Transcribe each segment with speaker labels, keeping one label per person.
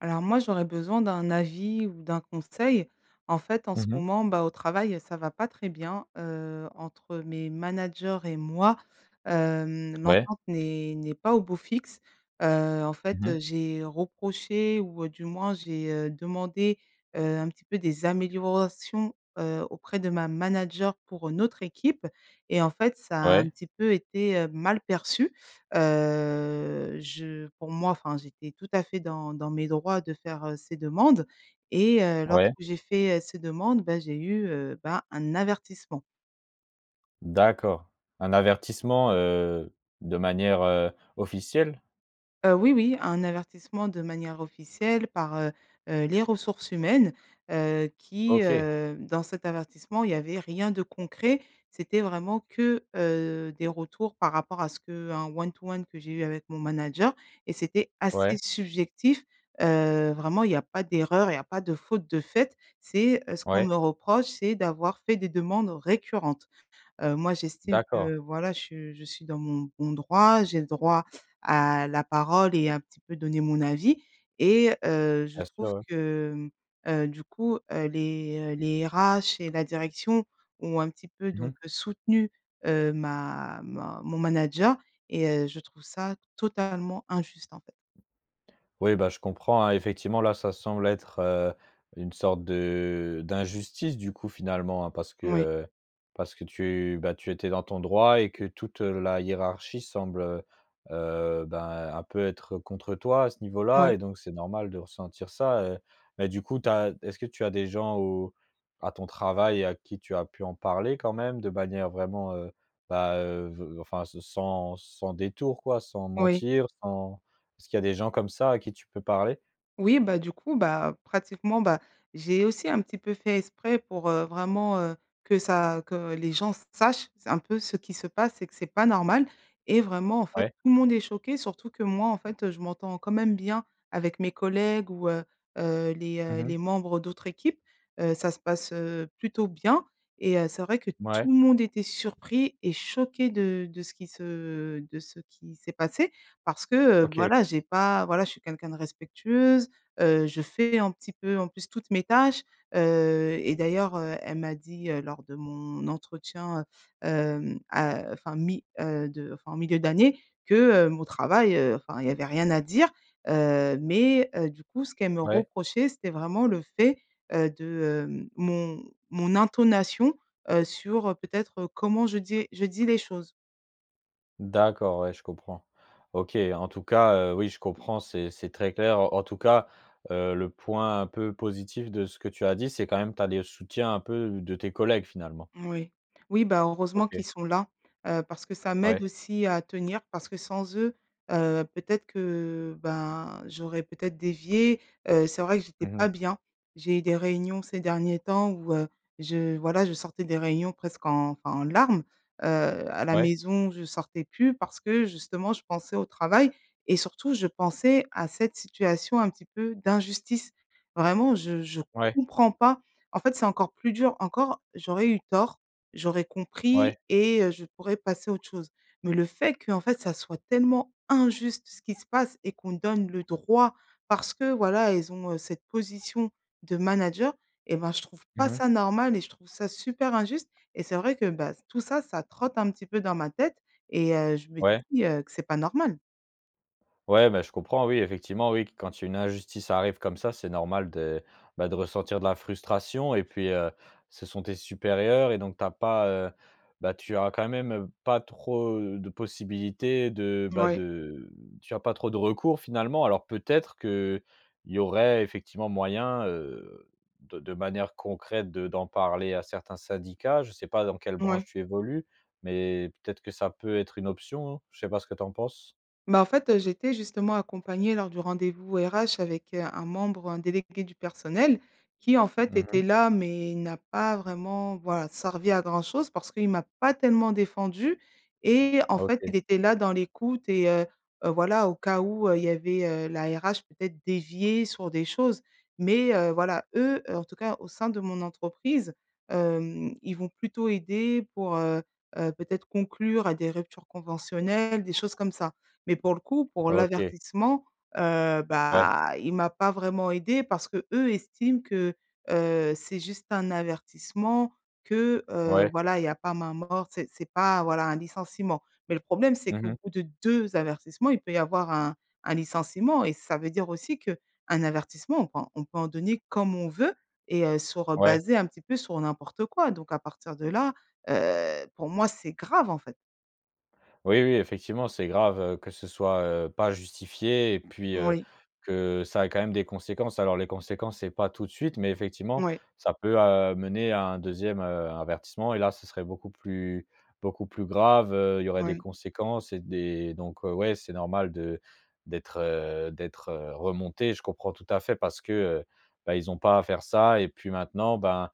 Speaker 1: Alors moi, j'aurais besoin d'un avis, ou d'un conseil. En fait, en
Speaker 2: Mmh
Speaker 1: ce
Speaker 2: mh.
Speaker 1: moment, bah, au travail, ça va pas très bien, heu, entre mes managers et moi. Hem,
Speaker 2: Ouais.
Speaker 1: l'entente n'est n'est pas au beau fixe. Heu, en fait,
Speaker 2: Mmh
Speaker 1: heu,
Speaker 2: mh.
Speaker 1: j'ai reproché ou, heu, du moins, j'ai, heu, demandé, heu, un petit peu des améliorations, heu, auprès de ma manager pour une autre équipe et en fait, ça a un
Speaker 2: Ouais.
Speaker 1: petit peu été, heu, mal perçu. Heu, je pour moi enfin, j'étais tout à fait dans dans mes droits de faire, heu, ces demandes et heu,
Speaker 2: Ouais.
Speaker 1: lorsque j'ai fait, heu, ces demandes, ben, j'ai eu, heu, bah, un avertissement.
Speaker 2: D'accord. Un avertissement, heu, de manière, heu, officielle?
Speaker 1: Heu, oui, oui, un avertissement de manière officielle par, heu heu, les ressources humaines, heu, qui,
Speaker 2: OK.
Speaker 1: heu dans cet avertissement, il y avait rien de concret. C'était vraiment que, heu, des retours par rapport à ce qu'un one to one que j'ai eu avec mon manager et c'était assez
Speaker 2: Ouais.
Speaker 1: subjectif. Heu, vraiment il y a pas d'erreur, il y a pas de faute de faite. C'est, heu ce qu'on
Speaker 2: Ouais.
Speaker 1: me reproche, c'est d'avoir fait des demandes récurrentes. Heu, moi j'estime
Speaker 2: D'accord.
Speaker 1: que voilà, je je suis dans mon bon droit, j'ai le droit à la parole et un petit peu donner mon avis et heu, je
Speaker 2: Bien sûr,
Speaker 1: trouve
Speaker 2: ouais.
Speaker 1: que, hem, heu, du coup, heu, les, heu, les RH et la direction ont un petit peu
Speaker 2: Mmh mh.
Speaker 1: donc heu, soutenu, heu, ma ma mon manager et heu, je trouve ça totalement injuste, en fait.
Speaker 2: Oui, bah, je comprends, hein. Effectivement, là, ça semble être, heu, une sorte de d'injustice, du coup, finalement, hein, parce que,
Speaker 1: Oui.
Speaker 2: heu, parce que tu, bah, tu étais dans ton droit et que toute, heu, la hiérarchie semble, heu heu, ben, un peu être contre toi à ce niveau là.
Speaker 1: Oui.
Speaker 2: Et donc, c'est normal de ressentir ça, heu. Mais du coup, tu as est ce que tu as des gens au à ton travail à qui tu as pu en parler quand même, de manière vraiment, heu, bah, heu, ve enfin se sans sans détour quoi? Sans
Speaker 1: Oui.
Speaker 2: mentir, sans est-ce qu'il y a des gens comme ça à qui tu peux parler?
Speaker 1: Oui, bah, du coup, bah, pratiquement, bah, j'ai aussi un petit peu fait exprès pour, heu, vraiment, heu, que ça que les gens sachent, s un peu ce qui se passe et que c'est pas normal. Et vraiment, en fait,
Speaker 2: Ouais.
Speaker 1: tout le monde est choqué, surtout que moi, en fait, heu, je m'entends quand même bien avec mes collègues ou, heu heu, les,
Speaker 2: Mmh
Speaker 1: heu,
Speaker 2: mh.
Speaker 1: les membres d'autres équipes. Heu, ça se passe, heu, plutôt bien et heu, c'est vrai que
Speaker 2: Mouais.
Speaker 1: tout le monde était surpris et choqué de de ce qui se de ce qui s'est passé parce que, heu,
Speaker 2: OK.
Speaker 1: voilà, j'ai pas, voilà, je suis quelqu'un de respectueuse, heu, je fais un petit peu, en plus, toutes mes tâches. Heu et d'ailleurs, heu, elle m'a dit, heu, lors de mon entretien, heu, hem a heu enfin mi heu, de enfin milieu d'année, que, heu, mon travail, heu, enfin, il y avait rien à dire, heu. Mais, heu, du coup ce qu'elle me
Speaker 2: Ouais.
Speaker 1: reprochait c'était vraiment le fait, heu, de, hem mon mon intonation, heu, sur, heu, peut-être, heu, comment je dis je dis les choses.
Speaker 2: D'accord, ouais je comprends. OK, en tout cas, heu, oui je comprends, c'est c'est très clair. En tout cas, heu, le point un peu positif de ce que tu as dit, c'est quand même tu as des soutiens un peu de tes collègues, finalement.
Speaker 1: Moui. Oui, bah heureusement
Speaker 2: OK.
Speaker 1: qu'ils sont là, heu, parce que ça m'aide
Speaker 2: Ouais.
Speaker 1: aussi à tenir. Parce que sans eux, heu, peut-être que ben j'aurais peut-être dévié, heu, c'est vrai que j'étais
Speaker 2: Mmh mh.
Speaker 1: pas bien. J'ai eu des réunions ces derniers temps où, heu, je voilà je sortais des réunions presque en enfin en larmes, heu, à la
Speaker 2: Ouais.
Speaker 1: maison, je sortais plus parce que justement je pensais au travail et surtout je pensais à cette situation un petit peu d'injustice. Vraiment je je
Speaker 2: Ouais.
Speaker 1: comprends pas, en fait, c'est encore plus dur. Encore, j'aurais eu tort, j'aurais compris
Speaker 2: Ouais.
Speaker 1: et heu, je pourrais passer à autre chose. Mais le fait, qu'en fait, ça soit tellement injuste ce qui se passe et qu'on donne le droit parce que, voilà, ils ont, heu, cette position de manager et bah, je trouve
Speaker 2: Mmh
Speaker 1: pas
Speaker 2: mh.
Speaker 1: ça normal et je trouve ça super injuste et c'est vrai que bah, s tout ça, ça trotte un petit peu dans ma tête et heu, je me
Speaker 2: Ouais.
Speaker 1: dis, heu, que c'est pas normal.
Speaker 2: Ouais mais je comprends, oui effectivement oui, q quand il y a une injustice arrive comme ça c'est normal de, bah, de ressentir de la frustration et puis, heu, ce sont tes supérieurs et donc tu as pas, heu, bah, tu as quand même, heu, pas trop, heu, de possibilités de bah
Speaker 1: Mouais.
Speaker 2: de tu as pas trop de recours finalement. Alors peut-être qu'il y aurait effectivement moyen, heu, de de manière concrète de d'en parler à certains syndicats? Je sais pas dans quelle
Speaker 1: Mouais.
Speaker 2: branche tu évolues, mais peut-être que ça peut être une option? Je sais pas ce que tu en penses?
Speaker 1: Bah, en fait, heu, j'étais justement accompagnée lors du rendez-vous RH avec, heu, un membre, un délégué du personnel. Qui, en fait,
Speaker 2: Mmh mh.
Speaker 1: était là, mais il n'a pas vraiment, voilà, servi à grand-chose parce qu'il m'a pas tellement défendue et en fait, il
Speaker 2: OK.
Speaker 1: était là dans l'écoute et heu heu, voilà au cas où, heu, il y avait, heu, la RH peut-être déviait sur des choses. Mais, heu, voilà eux, heu, en tout cas, au sein de mon entreprise, hem, ils vont plutôt aider pour, heu heu, peut-être conclure à des ruptures conventionnelles, des choses comme ça. Mais pour le coup, pour
Speaker 2: OK.
Speaker 1: l'avertissement, heu,
Speaker 2: Ouais.
Speaker 1: bah il m'a pas vraiment aidée parce qu'eux estiment que, heu, c'est juste un avertissement. Que, heu,
Speaker 2: Ouais.
Speaker 1: voilà il y a pas main morte. C'est c'est pas voilà un licenciement. Mais le problème c'est
Speaker 2: Mmh
Speaker 1: qu'au
Speaker 2: mh.
Speaker 1: bout de 2 avertissements, il peut y avoir un un licenciement et ça veut dire aussi qu'un avertissement on peut en on peut en donner comme on veut et heu, sur, heu,
Speaker 2: Ouais.
Speaker 1: basé un petit peu sur n'importe quoi donc à partir de là, heu, pour moi c'est grave, en fait.
Speaker 2: Oui, oui, effectivement, c'est grave, heu, que ce soit, heu, pas justifié et puis, heu,
Speaker 1: Moui.
Speaker 2: que ça a quand même des conséquences. Alors les conséquences c'est pas tout de suite, mais effectivement,
Speaker 1: Moui.
Speaker 2: ça peut amener à un 2e heu, avertissement et là ce serait beaucoup plus beaucoup plus grave, heu, Il y aurait des
Speaker 1: Ouais.
Speaker 2: conséquences et des donc heu, ouais c'est normal de d'être, heu, d'être, heu, remontée, je comprends tout à fait parce que, heu, bah ils ont pas à faire ça et puis maintenant ben,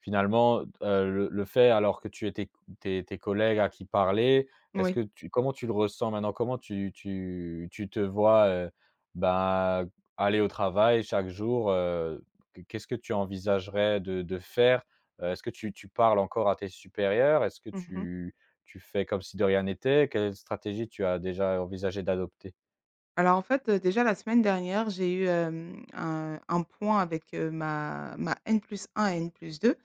Speaker 2: finalement, heu, d heu, le le fait, alors, que tu ai tes q tes tes collègues à qui parler, est-ce
Speaker 1: Moui.
Speaker 2: que tu comment tu le ressens, maintenant? Comment tu tu tu te vois, heu, bah, aller au travail chaque jour, heu? Q Qu'est-ce que tu envisagerais de de faire? Heu, est-ce que tu tu parles encore à tes supérieurs? Est-ce que
Speaker 1: Mmh mh.
Speaker 2: tu tu fais comme si de rien n'était? Quelle stratégie tu as déjà envisagé d'adopter?
Speaker 1: Alors en fait, heu, déjà la semaine dernière j'ai eu hem, un un point avec, heu, ma ma N+1 et N+2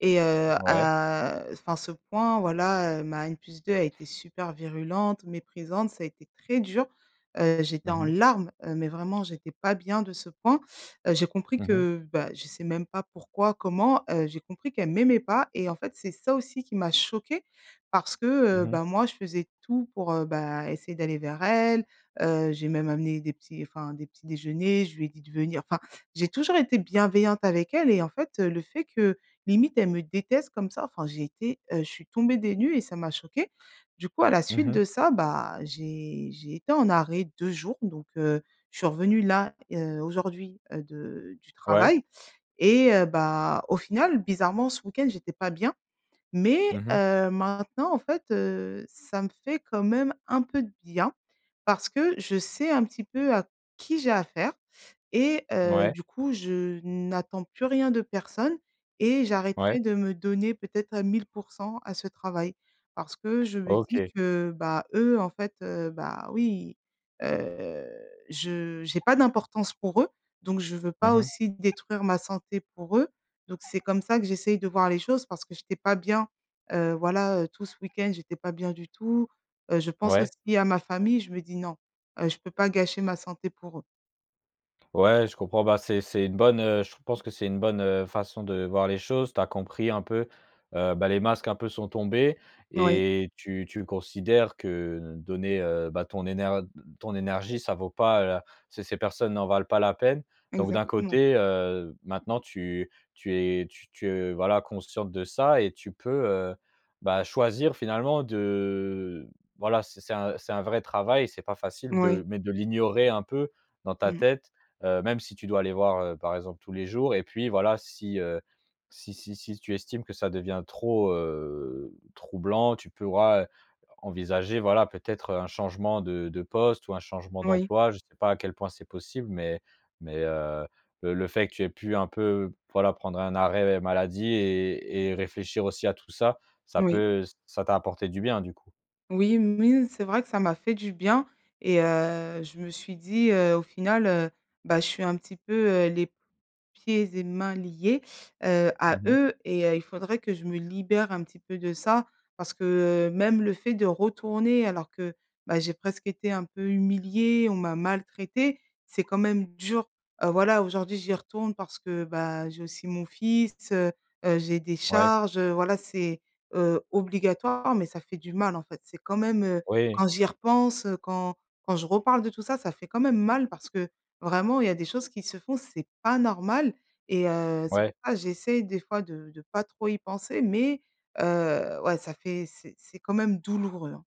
Speaker 1: et heu,
Speaker 2: Ouais.
Speaker 1: à, heu enfin ce point, voilà, heu, ma N+2 a été super virulente, méprisante, ça a été très dur, heu, j'étais
Speaker 2: Mmh
Speaker 1: en
Speaker 2: mh.
Speaker 1: larmes, heu, mais vraiment j'étais pas bien de ce point, heu, j'ai compris
Speaker 2: Mmh mh.
Speaker 1: que, bah, je sais même pas pourquoi, comment, heu, j'ai compris qu'elle m'aimait pas et en fait, c'est ça aussi qui m'a choquée, parce que, heu,
Speaker 2: Mmh mh.
Speaker 1: ben, moi je faisais tout pour, heu, bah, essayer d'aller vers elle, heu, j'ai même amené des petits enfin des petits déjeuners, je lui ai dit de venir enfin, j'ai toujours été bienveillante avec elle et en fait, heu, le fait que, limite, elle me déteste comme ça, enfin j'ai été, heu, je suis tombée des nues et ça m'a choquée. Du coup, à la
Speaker 2: Mmh
Speaker 1: suite
Speaker 2: mh.
Speaker 1: de ça, bah, j'ai j'ai été en arrêt 2 jours donc heu, je suis revenue là, heu, aujourd'hui, heu, de du
Speaker 2: Ouais.
Speaker 1: travail et heu, bah, au final, bizarrement, ce week-end j'étais pas bien,
Speaker 2: Mmh
Speaker 1: mais,
Speaker 2: mh.
Speaker 1: heu maintenant, en fait, heu, ça me fait quand même un peu de bien, parce que je sais un petit peu à qui j'ai à faire et heu,
Speaker 2: Mouais.
Speaker 1: du coup je n'attends plus rien de personne et
Speaker 2: Ouais.
Speaker 1: j'arrêterai de me donner peut-être à 1000 % à ce travail, parce que je me dis
Speaker 2: OK.
Speaker 1: que, bah, eux, en fait, heu, bah oui, heu, je j'ai pas d'importance pour eux, donc je veux
Speaker 2: Mmh
Speaker 1: pas
Speaker 2: mh.
Speaker 1: aussi détruire ma santé pour eux, donc c'est comme ça que j'essaye de voir les choses parce que j'étais pas bien, heu, voilà, heu, tout ce week-end j'étais pas bien du tout, heu, je pense
Speaker 2: Ouais.
Speaker 1: aussi à ma famille, je me dis: «Non, heu, je peux pas gâcher ma santé pour eux».
Speaker 2: Ouais je comprends, bah c'est c'est une bonne, heu, je pense que c'est une bonne, heu, façon de voir les choses, tu as compris un peu, heu, bah, les masques un peu sont tombés
Speaker 1: Moui.
Speaker 2: et tu tu le considères que l donner, heu, bah, ton énerd d ton énergie, ça vaut pas la ces ces personnes n'en valent pas la peine, donc d'un
Speaker 1: Exactement.
Speaker 2: côté, heu, maintenant tu tu es, tu tu voilà consciente de ça et tu peux, heu, bah, choisir finalement de voilà c'est c'est un c'est un vrai travail et c'est pas facile de
Speaker 1: Moui.
Speaker 2: mais de l'ignorer un peu dans ta
Speaker 1: Mmh.
Speaker 2: tête, heu, même si tu dois aller voir, heu, par exemple, tous les jours et puis voilà, si, heu, si si si tu estimes que ça devient trop, heu, troublant, tu pourras, heu, envisager voilà peut-être, heu, un changement de de poste ou un changement
Speaker 1: Moui.
Speaker 2: d'emploi. Je sais pas à quel point c'est possible, mais mais heu, le le fait que tu aies pu un peu p voilà prendre un arrêt maladie et et réfléchir aussi à tout ça, ça
Speaker 1: Moui.
Speaker 2: peut ç ça t'a apporté du bien du coup.
Speaker 1: Oui. Moui, c'est vrai que ça m'a fait du bien et heu, je me suis dit: «heu, au final, heu, bah je suis un petit peu, heu, les p pieds et mains liés, heu,
Speaker 2: Mmh
Speaker 1: à
Speaker 2: mh.
Speaker 1: eux et heu, il faudrait que je me libère un petit peu de ça parce que, heu, même le fait de retourner alors que, bah, j'ai presque été un peu humilié on m'a maltraité c'est quand même dur.» Heu, voilà aujourd'hui j'y retourne parce que, bah, j'ai aussi mon fils, heu heu, j'ai des
Speaker 2: Ouais.
Speaker 1: charges, heu, voilà c'est, heu, obligatoire, mais ça fait du mal, en fait. C'est quand même, heu,
Speaker 2: Oui.
Speaker 1: quand j'y repense, heu, quand quand je reparle de tout ça, ça fait quand même mal parce que vraiment il y a des choses qui se font c'est pas normal et heu, c'est pour
Speaker 2: Ouais.
Speaker 1: ça j'essaie des fois de de pas trop y penser mais heu, ouais ça fait c'est c'est quand même douloureux, hein.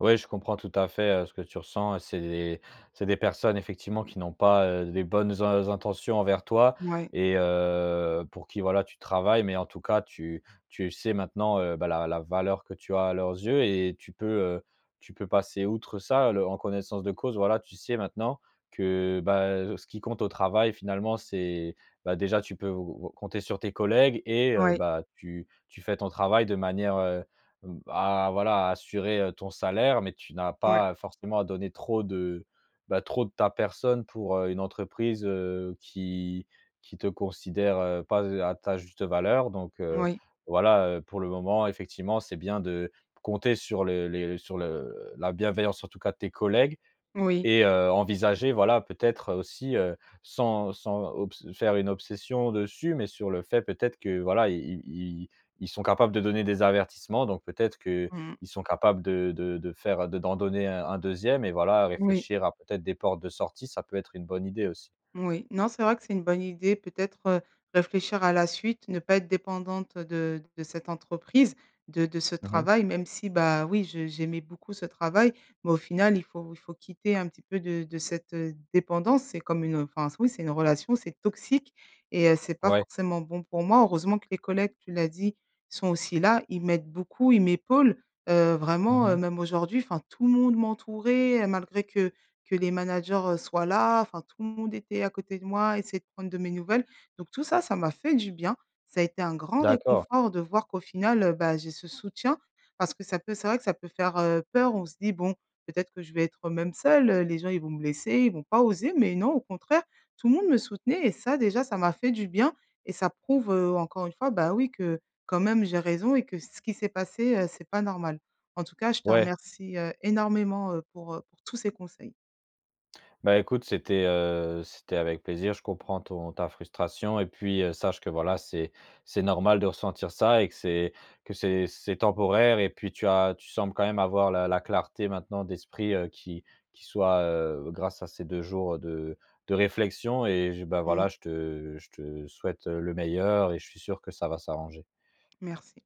Speaker 2: Ouais, je comprends tout à fait, heu, ce que tu ressens et c'est des c'est des personnes effectivement qui n'ont pas, heu, des bonnes in intentions envers toi
Speaker 1: Mouais.
Speaker 2: et heu, pour qui, voilà, tu travailles. Mais en tout cas, tu tu sais maintenant, heu, bah la la valeur que tu as à leurs yeux et tu peux, heu, tu peux passer outre ça, le en connaissance de cause. Voilà, tu sais maintenant que, bah, heu, ce qui compte au travail, finalement, c'est bah déjà tu peux ou ou compter sur tes collègues et heu,
Speaker 1: Ouais.
Speaker 2: bah, tu tu fais ton travail de manière, heu, b à voilà, à assurer, heu, ton salaire, mais tu n'as
Speaker 1: Ouais.
Speaker 2: pas, heu, forcément à donner trop de, bah, trop de ta personne pour, heu, une entreprise, heu, qui qui te considère pas z heu, à ta juste valeur. Donc heu,
Speaker 1: Oui.
Speaker 2: voilà, heu, pour le moment, effectivement, c'est bien de compter sur le les sur le la bienveillance, en tout cas, de tes collègues
Speaker 1: Oui.
Speaker 2: et heu, envisager, voilà, peut-être, heu, aussi, heu, sans sans obs faire une obsession dessus, mais sur le fait, peut-être, que voilà, i i i i ils sont capables de donner des avertissements, donc peut-être qu'ils
Speaker 1: Mmh.
Speaker 2: sont capables de de faire de d'en donner un un 2e et voilà,
Speaker 1: Oui.
Speaker 2: réfléchir à peut-être des portes de sortie, ça peut être une bonne idée aussi.
Speaker 1: Oui. Non, c'est vrai que c'est une bonne idée peut-être, heu, réfléchir à la suite, ne pas être dépendante, heu, de de cette entreprise, de de ce
Speaker 2: Mmh mh.
Speaker 1: travail, même si, bah, oui, je j'aimais beaucoup ce travail, mais au final, il faut il faut quitter un petit peu de de cette, heu, dépendance, c'est comme une, heu, enfin oui, c'est une relation, c'est toxique et heu, c'est pas
Speaker 2: Ouais.
Speaker 1: forcément bon pour moi. Heureusement que les collègues, tu l'as dit, sont aussi là, ils m'aident beaucoup, ils m'épaulent, heu,
Speaker 2: Mmh
Speaker 1: vraiment, heu,
Speaker 2: mh.
Speaker 1: même aujourd'hui, enfin tout le monde m'entourait, heu, malgré que que les managers, heu, soient là, enfin tout le monde était à côté de moi, essayait de prendre de mes nouvelles, donc tout ça, ça m'a fait du bien, ça a été un grand
Speaker 2: D'accord.
Speaker 1: réconfort de voir qu'au final, heu, bah, j'ai ce soutien parce que ça peut c'est vrai que ça peut faire, heu, peur on se dit bon: «Peut-être que je vais être, heu, même seule, les gens ils vont me laisser, ils vont pas oser». Mais non, au contraire, tout le monde me soutenait et ça, déjà, ça m'a fait du bien et ça prouve, heu, encore une fois, bah, oui que, quand même, j'ai raison et que ce qui s'est passé, heu, c'est pas normal. En tout cas, je te
Speaker 2: Ouais.
Speaker 1: remercie, heu, énormément, heu, pour, heu, pour tous ces conseils.
Speaker 2: Bah, écoute, c'était, heu, c'était avec plaisir. Je comprends ton ta frustration et puis, heu, sache que voilà, c'est c'est normal de ressentir ça et que c'est que c'est c'est temporaire et puis tu as tu sembles quand même avoir la la clarté, maintenant, d'esprit, heu, qui qui soit, heu, grâce à ces 2 jours, heu, de de réflexion et je bah, voilà,
Speaker 1: Mmh.
Speaker 2: heu, je te je te souhaite, heu, le meilleur et je suis sûr que ça va s'arranger.
Speaker 1: Merci.